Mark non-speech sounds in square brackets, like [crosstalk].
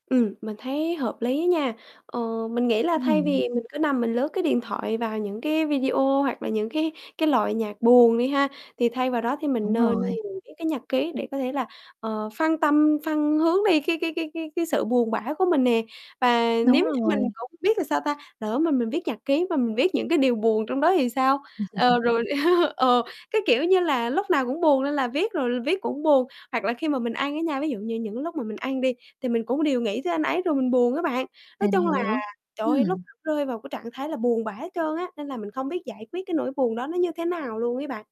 Ừm, mình thấy hợp lý nha, ờ, mình nghĩ là Ưm, thay ừm. vì mình cứ nằm mình lướt, cái, điện thoại vào những cái video hoặc là những cái cái loại nhạc buồn đi ha, thì thay vào đó thì mình Đúng nên rồi. mình viết cái nhật ký để có thể là, ờ, phân tâm phân hướng đi, cái cái cái cái cái sự buồn bã của mình nè, và Đúng nếu như mình rồi. cũng biết là sao ta, lỡ mà mình viết nhật ký mà mình viết những cái điều buồn trong đó thì sao? Ờ, [chuckles] rồi, [chuckles] ờ, cái, kiểu như là, lúc nào cũng buồn nên là viết rồi viết cũng buồn, hoặc là khi mà mình ăn á nha, ví dụ như những lúc mà mình ăn đi thì mình cũng đều nghĩ tới anh ấy rồi mình buồn á bạn, nói Mình chung là hiểu, trời ơi lúc ừm. rơi vào cái trạng thái là buồn bã hết trơn á, nên là mình không biết giải quyết cái nỗi buồn đó nó như thế nào luôn ấy bạn.